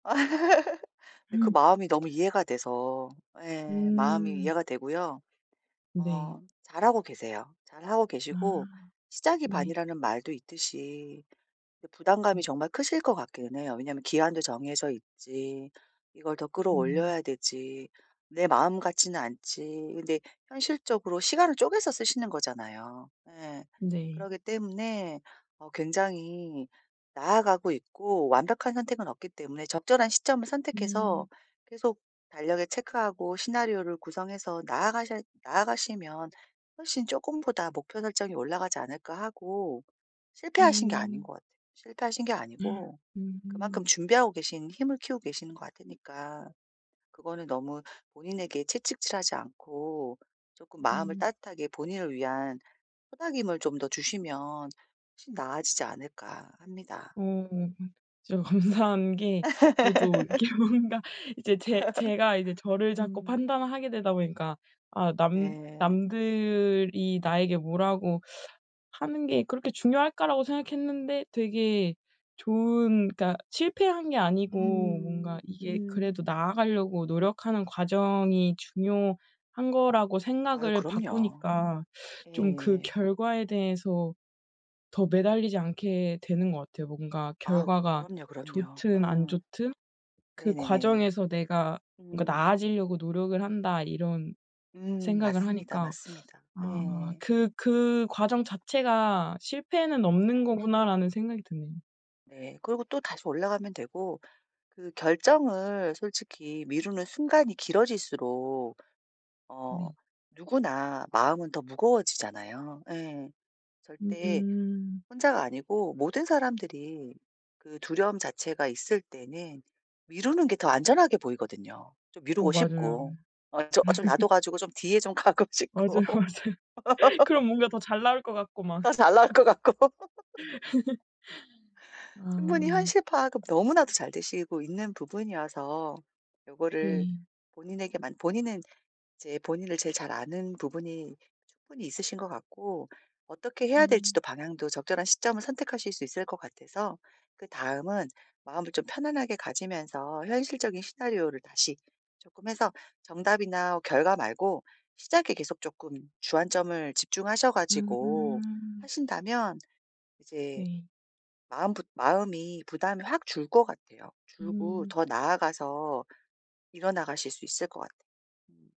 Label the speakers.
Speaker 1: 근데 그
Speaker 2: 음.
Speaker 1: 마음이 너무 이해가 돼서 예 마음이
Speaker 2: 음.
Speaker 1: 이해가 되고요.
Speaker 2: 네.
Speaker 1: 어 잘하고 계세요. 잘하고 계시고
Speaker 2: 아
Speaker 1: 시작이
Speaker 2: 네.
Speaker 1: 반이라는 말도 있듯이 이 부담감이 정말 크실 것 같기는 해요. 왜냐하면 기한도 정해져 있지, 이걸 더
Speaker 2: 음.
Speaker 1: 끌어올려야 되지, 내 마음 같지는 않지, 근데 현실적으로 시간을 쪼개서 쓰시는 거잖아요. 예.
Speaker 2: 네.
Speaker 1: 그러기 때문에 어 굉장히 나아가고 있고 완벽한 선택은 없기 때문에 '적절한 시점을 선택해서
Speaker 2: 음.
Speaker 1: 계속 달력에 체크하고 시나리오를 구성해서 나아가셔 나아가시면 훨씬 쪼끔보다 목표 설정이 올라가지 않을까?' 하고 실패하신 게 아닌
Speaker 2: 음.
Speaker 1: 것 같아요. 실패하신 게 아니고 그만큼
Speaker 2: 음.
Speaker 1: 준비하고 계신 힘을 키우고 계시는 것 같으니까 그거는 너무 본인에게 채찍질하지 않고 쪼끔 마음을
Speaker 2: 음.
Speaker 1: 따뜻하게 본인을 위한 토닥임을 좀 더 주시면 훨씬 나아지지 않을까 합니다.
Speaker 2: 어 진짜 감사한 게 저도 이렇게 뭔가 이제 제 제가 이제 저를 자꾸
Speaker 1: 음.
Speaker 2: 판단을 하게 되다 보니까 아 '남
Speaker 1: 네.
Speaker 2: 남들이 나에게 뭐라고 하는 게 그렇게 중요할까?'라고 생각했는데 되게 좋은 그니까 실패한 게 아니고 뭔가
Speaker 1: 음
Speaker 2: 이게
Speaker 1: 음.
Speaker 2: 그래도 나아가려고 노력하는 과정이 중요한 거라고
Speaker 1: 아유
Speaker 2: 생각을
Speaker 1: 그럼요.
Speaker 2: 바꾸니까 좀 그
Speaker 1: 예.
Speaker 2: 결과에 대해서 더 매달리지 않게 되는 것 같아요. 뭔가
Speaker 1: 아
Speaker 2: '결과가
Speaker 1: 그럼요 그럼요
Speaker 2: 좋든 안
Speaker 1: 어.
Speaker 2: 좋든 그
Speaker 1: 네네네.
Speaker 2: 과정에서 내가 뭔가
Speaker 1: 음.
Speaker 2: 나아지려고 노력을 한다.' 이런
Speaker 1: 음
Speaker 2: 생각을
Speaker 1: 맞습니다
Speaker 2: 하니까
Speaker 1: 맞습니다.
Speaker 2: 아
Speaker 1: 예.
Speaker 2: '그 그 과정 자체가 실패는 없는 거구나.'라는 생각이 드네요.
Speaker 1: 네. 그리고 또다시 올라가면 되고 그 결정을 솔직히 미루는 순간이 길어질수록 어
Speaker 2: 네.
Speaker 1: 누구나 마음은 더 무거워지잖아요. 예. 절대
Speaker 2: 음.
Speaker 1: 혼자가 아니고 모든 사람들이 그 두려움 자체가 있을 때는 미루는 게 더 안전하게 보이거든요. 좀
Speaker 2: 어
Speaker 1: 미루고
Speaker 2: 맞아요.
Speaker 1: 싶고. 어 좀 어 좀 놔둬가지고 좀 뒤에 좀 가고
Speaker 2: 맞아요
Speaker 1: 싶고
Speaker 2: 맞아요. 그럼 뭔가 더 잘 나올 것 같고 막.
Speaker 1: 더 잘 나올 것 같고. 충분히
Speaker 2: 아.
Speaker 1: 현실 파악은 너무나도 잘 되시고 있는 부분이어서 요거를
Speaker 2: 네.
Speaker 1: 본인에게만 본인은 이제 본인을 제일 잘 아는 부분이 충분히 있으신 것 같고 어떻게 해야
Speaker 2: 음.
Speaker 1: 될지도 방향도 적절한 시점을 선택하실 수 있을 것 같아서 그다음은 마음을 좀 편안하게 가지면서 현실적인 시나리오를 다시 쪼끔 해서 정답이나 결과 말고 시작에 계속 쪼끔 주안점을 집중하셔가지고
Speaker 2: 음.
Speaker 1: 하신다면 이제
Speaker 2: 네.
Speaker 1: 마음 부 마음이 부담이 확 줄 것 같아요. 줄고
Speaker 2: 음.
Speaker 1: 더 나아가서 이뤄나가실 수 있을 것 같아. 음.